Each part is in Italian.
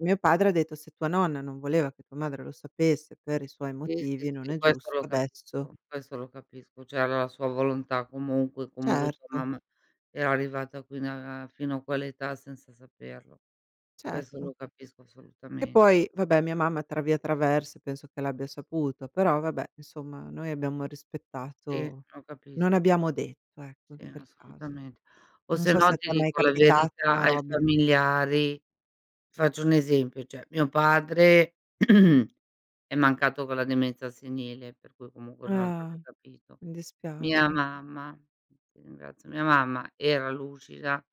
Mio padre ha detto: "Se tua nonna non voleva che tua madre lo sapesse, per i suoi Sì, sì, motivi, non sì è questo giusto lo adesso" capisco, questo lo capisco, cioè aveva la sua volontà comunque; comunque tua Certo. mamma era arrivata fino a fino a quell'età senza saperlo. Questo Certo. lo capisco E assolutamen poi, vabbè, mia mamma tra via traverse, penso che l'abbia saputo, però vabbè, insomma noi abbiamo Sì, rispettato lo capis non abbiamo detto, ecco, in Sì quel caso. assolutamente. O Non so sennò se ti t'è mai dico la capitato, verità, una ai robe familiari faccio un esempio, cioè mio padre è mancato con la demenza senile, per cui comunque non Ah. avrebbe capito. Mi Mia dispiace. mamma ti ringrazio, mia mamma, era lucida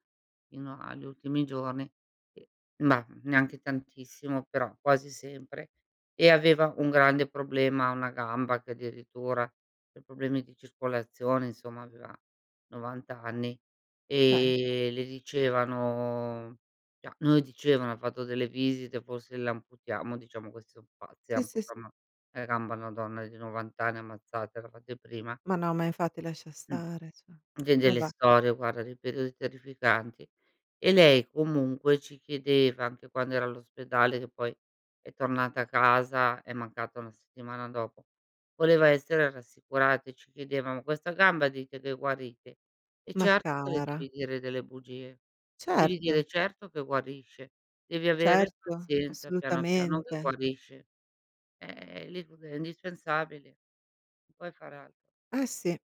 fino agli ultimi giorni e ma, neanche tantissimo, però quasi sempre, e aveva un grande problema a 1 gamba, che addirittura per problemi di circolazione, insomma, aveva 90 anni; Beh. e le dicevano cioè non le dicevano: "Ha fatto delle visite, forse l'amputiamo." Diciamo, questi so pazzi, le Sì, sì, s amputano 1 gamba a donna di 90 anni, ammazzatela, fate prima. Ma no, ma infatti lascia Mh. stare, cioè. Vedi le Vabbè. storie, guarda, dei periodi terrificanti. E lei comunque ci chiedeva, anche quando era all'ospedale, che poi è tornata a casa, è mancata 1 settimana dopo; voleva essere rassicurata e ci chiedeva: "Ma questa gamba dite che guarite?" E Ma certo che le cara. devi dire delle bugie. Devi Certo. dire: "Certo che guarisce. Devi avere Certo, pazienza piano, piano che assolutamente. guarisce." Eh lì proprio è indispensabile. Non puoi fare altro. Eh sì.